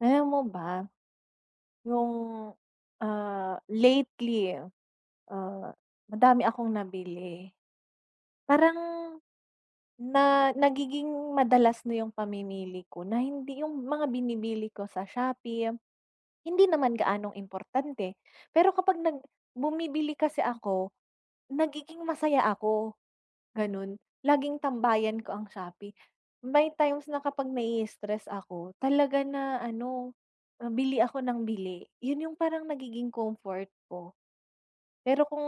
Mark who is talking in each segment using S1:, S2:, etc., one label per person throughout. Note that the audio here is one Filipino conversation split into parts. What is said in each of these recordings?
S1: Alam mo ba? Noong, ah, lately, ah, madami akong nabili. Parang na nagiging madalas na yung pamimili ko na hindi yung mga binibili ko sa Shopee. Hindi naman gaanong importante, pero kapag nag bumibili kasi ako, nagiging masaya ako, gano'n. Laging tambayan ko ang Shopee. May times na kapag nai-stress ako, talaga na ano, bili ako ng bili. Yun yung parang nagiging comfort ko. Pero kung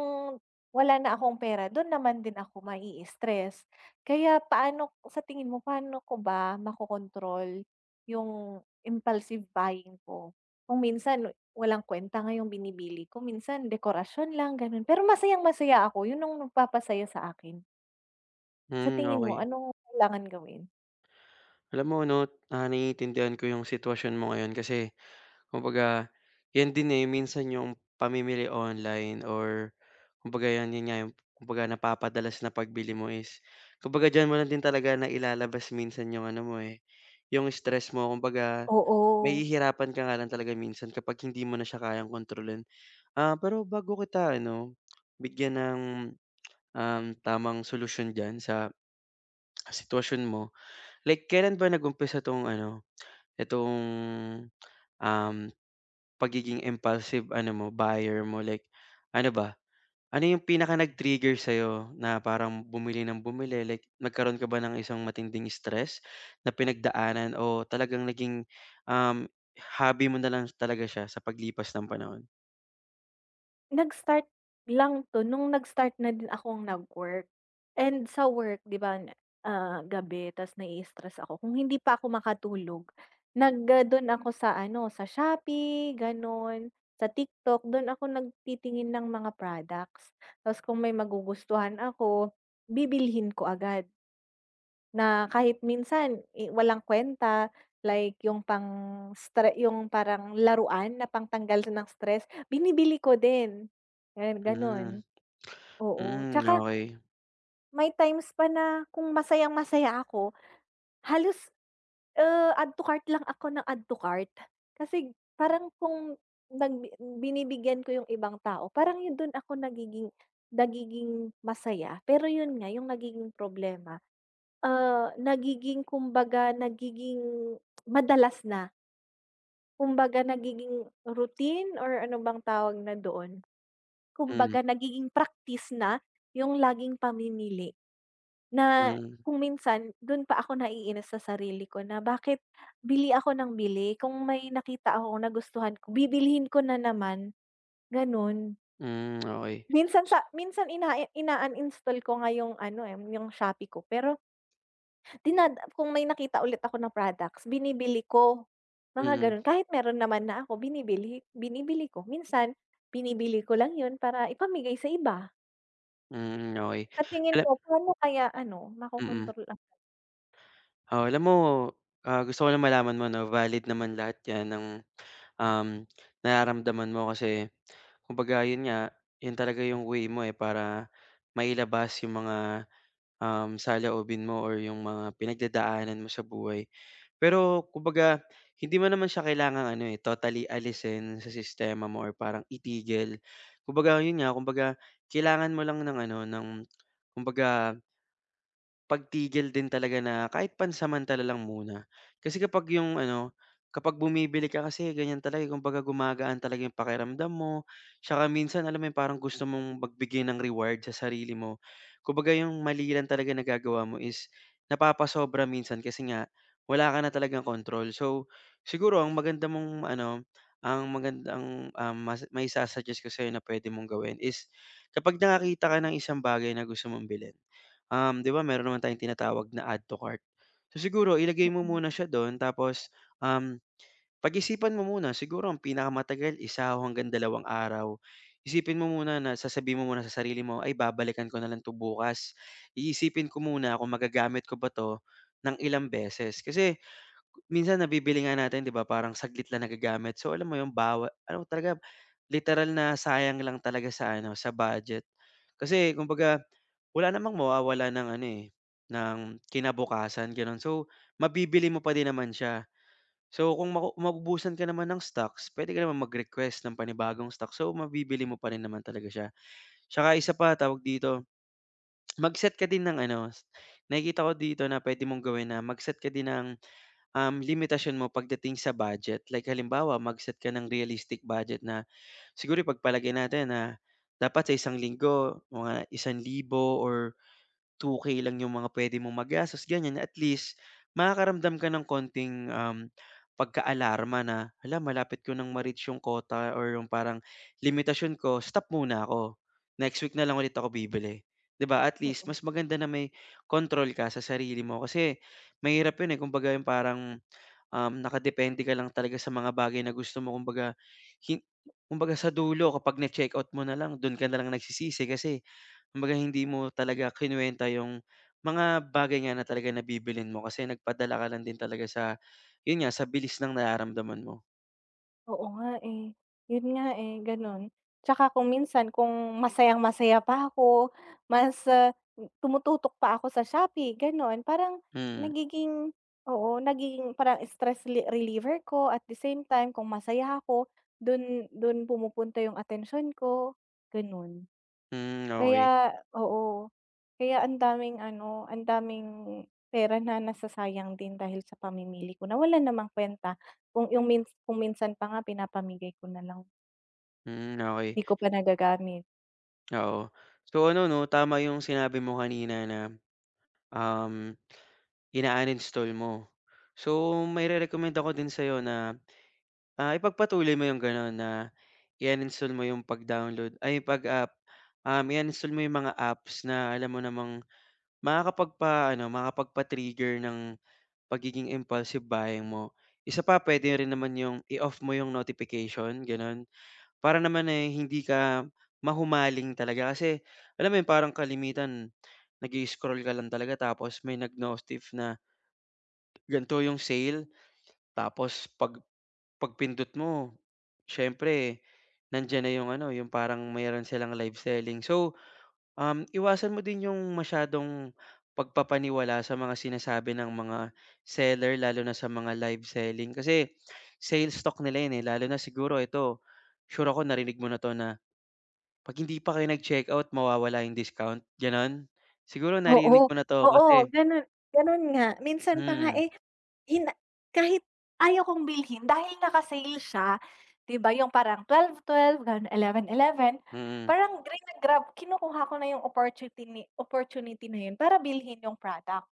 S1: wala na akong pera, dun naman din ako ma-stress. Kaya paano sa tingin mo paano ko ba makokontrol yung impulsive buying ko? Kung minsan walang kuwenta nga yung binibili ko. Minsan dekorasyon lang gano'n, pero masayang-masaya ako. Yun yung nagpapasaya sa akin. Sa
S2: Hmm,
S1: tingin mo
S2: okey.
S1: anong kailangan gawin?
S2: Alam mo ano, ah, naiintindihan ko 'yong sitwasyon mo ngayon kasi kumbaga 'yan din, eh, minsan 'yong pamimili online or kumbaga 'yan, yung nga yung kumbaga napapadalas na pagbili mo is kumbaga diyan mo lang din talaga nailalabas minsan iyong ano mo, eh, 'yong stress mo. Kumbaga
S1: Oo.
S2: nahihirapan ka nga lang talaga minsan kapag hindi mo na siya kayang kontrolin. Ah, pero bago kita ano, bigyan ng, um, tamang solusyon diyan sa sitwasyon mo, like kailan ba nag-umpisa itong ano, itong, um, pagiging impulsive ano mo, buyer mo like ano ba? Ano yung pinaka nag-trigger sa'yo na parang bumili ng bumili, like nagkaroon ka ba ng isang matinding stress na pinagdaanan o talagang naging, um, hobby mo nalang talaga siya sa paglipas ng panahon?
S1: Nag-start lang 'to, no'ng nag-start na din akong nag-work, and sa work, 'di ba ah, gabi tas na-i-istress ako, kung hindi pa ako makatulog nag ah, do'n ako sa ano sa Shopee gano'n, sa TikTok do'n ako nagtitingin ng mga products 'tas kung may magugustuhan ako, bibilhin ko agad, na kahit minsan eh, walang kwenta like 'yong pang stre 'yong parang laruan na pangtanggal ng stress binibili ko din. 'Yon, gano'n
S2: Hmm
S1: oo,
S2: hmm, ah,
S1: 'tsaka,
S2: okey.
S1: may times pa na kung masayang-masaya ako, halos ah, add to cart lang ako ng add to cart, kasi parang kung nag binibigyan ko 'yong ibang tao parang 'yon do'n ako nagiging nagiging masaya pero 'yon nga 'yong nagiging problema, ah, nagiging kumbaga nagiging madalas na. Kumbaga nagiging routine or ano bang tawag na doon,
S2: Hmm.
S1: kumbaga nagiging practice na 'yong laging pamimili, na
S2: Mhm.
S1: kung minsan do'n pa ako naiinis sa sarili ko na bakit bili ako nang bili kung may nakita akong nagustuhan ko, bibilhin ko na naman, gano'n.
S2: Hmm, okey.
S1: Minsan sa minsan ina in-uninstall ko nga 'yong ano eh, 'yong Shopee ko pero, dinad kung may nakita ulit ako ng products binibili ko. Mga
S2: Mhm.
S1: gano'n kahit meron naman na ako, binibili binibili ko minsan binibili ko lang 'yon para ipamigay sa iba.
S2: Hmm, okey.
S1: Sa tingin
S2: Gan
S1: mo, paano kaya ano
S2: Mm.
S1: makokontrol ang
S2: Oo, alam mo, gusto ko lang malaman mo na valid naman lahat 'yan ang, um, nararamdaman mo. Kasi kumbaga 'yun nga, 'yun talaga 'yung way mo eh para mailabas 'yung mga, um, saloobin mo 'yung mga pinagdadaanan mo sa buhay. Pero kumbaga, hindi mo naman siya kailangang ano eh, totally alisin sa sistema mo or parang itigil. Kumbaga 'yun nga, kumbaga kailangan mo lang ng ano, ng kumbaga pagtigil din talaga na kahit pansamantala lang muna. Kasi kapag 'yung ano, kapag bumibili ka, kasi ganyan talaga, kumbaga gumagaan talaga 'yung pakiramdam mo't minsan, alam mo, 'yung parang gusto mong magbigay ng reward sa sarili mo. Kumbaga 'yung mali lang talaga nagagawa mo is napapasobra minsan. Kasi nga wala ka na talagang control. So siguro ang maganda mong ano, ang magandang mai-sususuggest ko sa'yo na pwede mong gawin is kapag nakakita ka ng isang bagay na gusto mong bilhin, 'di ba meron naman tayong tinatawag na "add to cart"? So siguro ilagay mo
S1: Mm.
S2: muna siya doon, tapos, um, pag-isipan mo muna. Siguro ang pinakamatagal, isa hanggang dalawang araw. Isipin mo muna, sasabihin mo muna sa sarili mo, Ay, babalikan ko na lang 'to bukas. isipin ko muna kung magagamit ko ba 'to ng ilang beses. Kasi minsan nabibili nga natin, 'di ba, parang saglit lang nagagamit. So alam mo 'yung bawat ano talaga, literal na sayang lang talaga sa ano, sa budget. Kasi kumbaga, wala namang mawawalan ng ano eh, ng kinabukasan, ganoon. So mabibili mo pa din naman siya. So, kung maku maubusan ka naman ng stocks, pwede ka naman mag-request ng panibagong stocks, so mabibili mo pa rin naman talaga siya. Tsaka isa, pa tawag dito, mag-set ka din ng. Ano nakikita ko dito na pwede mong gawin na mag-set ka din ng limitasyon mo pagdating sa budget. Like halimbawa, mag-set ka ng realistic budget na siguro ipagpalagay natin na dapat sa isang linggo mga ₱1,000 or 2K lang 'yung mga pwede mong magastos. Ganyan, at least makakaramdam ka ng konting pagkaalarma na malapit ko ng ma-reach 'yung quota or 'yung parang limitasyon ko. Stop muna ako next week na lang ulit ako bibili. 'di ba, at least
S1: Mm.
S2: mas maganda na may control ka sa sarili mo. Kasi mahirap 'yung kumbaga parang nakadepende ka lang talaga sa mga bagay na gusto mo. Kumbaga hi kumbaga sa dulo, kapag na-checkout mo na, lang dun ka nalang nagsisisi kasi kumbaga hindi mo talaga kinuwenta 'yung mga bagay na 'di mo na bibilhin. Kasi nagpadala ka lang din talaga sa 'yun nga sa bilis ng nararamdaman mo.
S1: Oo nga, eh. Yun nga, eh, gano'n. Tsaka kung minsan, kung masayang-masaya pa ako mas, ah, tumututok pa ako sa Shopee, gano'n. Parang
S2: Hmm.
S1: nagiging oo, nagiging parang stress le reliever ko. At the same time, kung masaya ako, dun dun pumupunta yung atensiyon ko, gano'n.
S2: Hmm, okey.
S1: Kaya oo, kaya ang daming ano, ang daming pera na nasasayang din dahil sa pamimili ko na wala namang kuwenta kung yung mins kung minsan pa nga pinapamigay ko na lang.
S2: Hmm, okey.
S1: 'Di ko pa nagagamit.
S2: Oo. So, ano 'no, tama yung sinabi mo kanina na, um, ina-uninstall mo. So, mairerekomenda ko din sa'yo na, ah, ipagpatuloy mo yung gano'n na i-uninstall mo yung pag-download, ay, pag ah, um, i-uninstall mo yung mga apps na alam mo namang makakapagpa-ano, makakapagpa-trigger ng pagiging impulsive buying mo. Isa pa, puwede rin naman yung i-off mo yung notification, gano'n para naman ay hindi ka mahumaling talaga kasi alam mo yun, parang kalimitan nag-i-sroll ka lang talaga tapos may nag-notif na gan'to yung sale. Tapos pag pagpindot mo, siyempre nandiyan na yung ano, yung parang mayro'n silang live selling. So, um, iwasan mo din yung masyadong pagpapaniwala sa mga sinasabi ng mga seller lalo na sa mga live selling kasi sales talk nila 'yon, eh, lalo na siguro ito, sure ako narinig mo na 'to na 'pag hindi pa kayo nag-checkout mawawala yung discount, gano'n? Siguro
S1: Oo,
S2: naririnig mo na 'to
S1: oo,
S2: kasi
S1: ganun, ganun nga. Minsan pa nga,
S2: Mm.
S1: eh, yun na kahit ayaw kong bilhin, dahil naka-sale siya 'di ba, yung parang 12-12, ganun, 11-11,
S2: Mm.
S1: parang grina-grab kinukuha ko na yung opportutini opportunity na yun para bilhin yung product,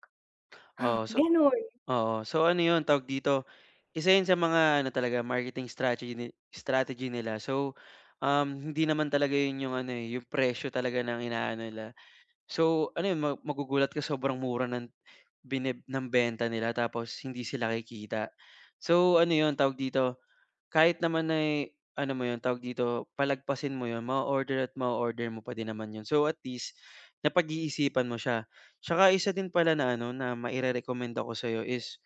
S2: Oo, so
S1: gano'n.
S2: oo, so ano 'yon, tawag dito, isa yun sa mga ano talaga, marketing stragety strategy nila. So, um, hindi naman talaga yun yung ano, eh, yung presyo talaga ng inaano nila. So ano yun, ma magugulat ka, sobrang mura ng bine ng benta nila tapos hindi sila kikita. So, ano 'yon, tawag dito, kahit naman ay ano mo 'yon, ay tawag dito, palagpasin mo 'yon, mao-order at mao-order mo pa din naman yun, so at least napag-iisipan mo siya. Tsaka isa din pala na ano, na mairerekomenda ko sa'yo is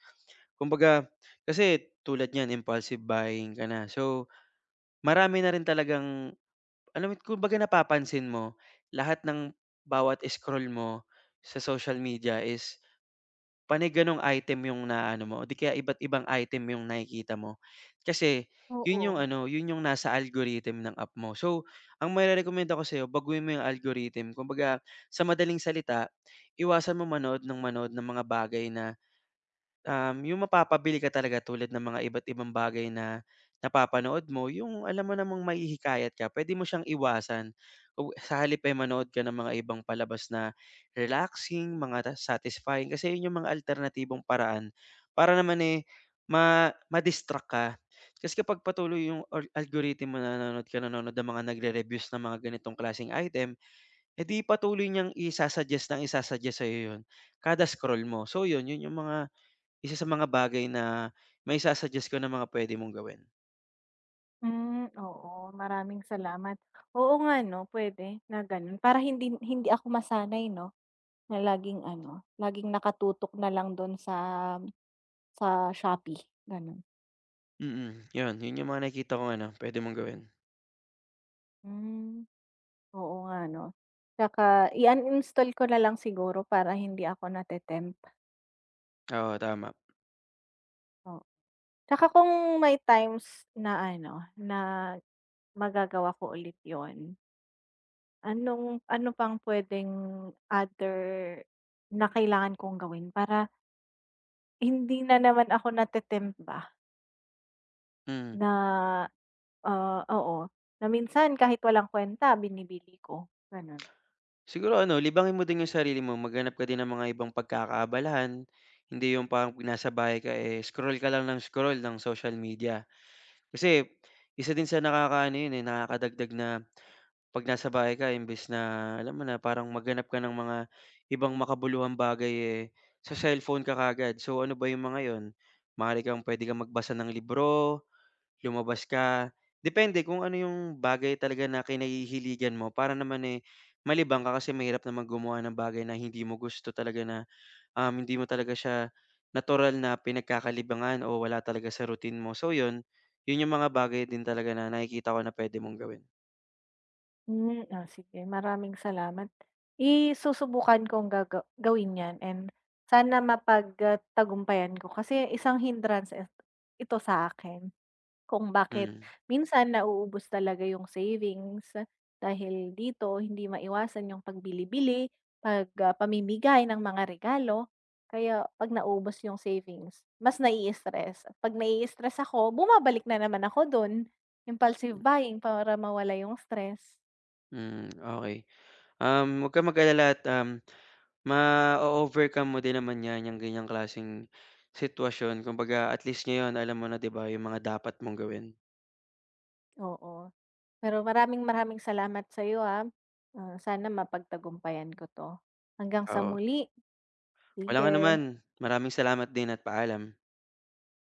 S2: kumbaga kasi tulad niyan impulsive buying ka na, so marami na rin talagang alam mo at kung baga napapansin mo lahat ng bawat scroll mo sa social media is panay gano'ng item yung naaano mo o 'di kaya iba't ibang item yung nakikita mo. Kasi yun yung
S1: Oo.
S2: ano, yun yung nasa algorithm ng app mo. So, ang mairerekomenda ko sa'yo, baguhin mo yung algorithm. Kumbaga sa madaling salita iwasan mong manood ng manood ng mga bagay na, um, yung mapapabili ka talaga tulad ng mga iba't ibang bagay na napapanood mo, yung alam mo namang mahihikayat ka, puwede mo siyang iwasan kung sa halip ay manood ka ng mga ibang palabas na relaxing, mga na satisfying kasi yun yung mga alternatibong paraan para naman, eh, ma ma-distract ka. Kasi kapag patuloy yung ol algorithm mo, nanonood ka, nanonood ka ng mga nagrerere-reviews ng mga ganitong klaseng item, eh, 'di patuloy niyang isa-suggest ng isa-suggest sa'yo yun kada scroll mo. So yun, yun yung mga isa sa mga bagay na maisa-suggest ko na mga puwede mong gawin.
S1: Hmm, oo maraming salamat. Oo nga ano pwede na ganon para hindi hindi ako masanay 'no, na laging ano laging nakatutok nalang dun sa, sa Shopee ganon.
S2: Mm, yun. Yun yung mga nakikita kong ano pwede mong gawin.
S1: Hmm, oo nga no. Tsaka i-uninstall ko nalang siguro para hindi ako nate-tempt.
S2: Oo tama.
S1: O At saka kung may times na ano na magagawa ko ulit yun. Anong, ano pang pwedeng other na kailangan kong gawin para, hindi na naman ako natetempt ba,
S2: Mm.
S1: na, ah, oo na minsan kahit walang kwenta binibili ko, ganun.
S2: Siguro ano libangin mo din yung sarili mo. Maghanap ka din ng mga ibang pagkakaabalahan. Hindi yung parang nasa bahay ka, eh, scroll ka lang ng scroll ng social media, kasi isa din sa nakakaano yun nakakadagdag na pag nasa bahay ka imbes na alam mo na parang maghanap ka ng mga ibang makabuluhang bagay, eh, sa cellphone ka kagad. So ano ba yung mga yun? Maari kang pwede kang magbasa ng libro, lumabas ka, depende kung ano yung bagay talaga na kinahihiligan mo para naman, eh, malibang ka. Kasi mahirap naman gumawa ng bagay na hindi mo gusto talaga na, um, hindi mo talaga siya natural na pinagkakalibangan o wala talaga sa routine mo so yun, yun yung mga bagay din talaga na nakikita ko na pwede mong gawin.
S1: Hmm, oh sige maraming salamat, i-susubukan kong gaga gawin yan and sana mapagat tagumpayan ko kasi isang hindrance et ito sa akin kung bakit
S2: Hmm.
S1: minsan nauubos talaga yung savings. Dahil dito hindi maiwasan yung pag bilibili pag pamimigay ng mga regalo, kaya pag naubos yung savings, mas nai-stress. Kapag nai-stress ako bumabalik na naman ako dun, impulsive buying para mawala yung stress.
S2: Hmm, okey. Um, wag kang mag-alala at, um, ma-o-overcome mo din naman yan, yung ganyang klaseng sitwasyon kumbaga at least ngayon alam mo na di ba, yung mga dapat mong gawin.
S1: Oo. Pero maraming maraming salamat sayo, ah, sana mapagtagumpayan ko to, hanggang sa
S2: Oo.
S1: muli.
S2: Walang anuman.
S1: Sige.
S2: Maraming salamat din at paalam.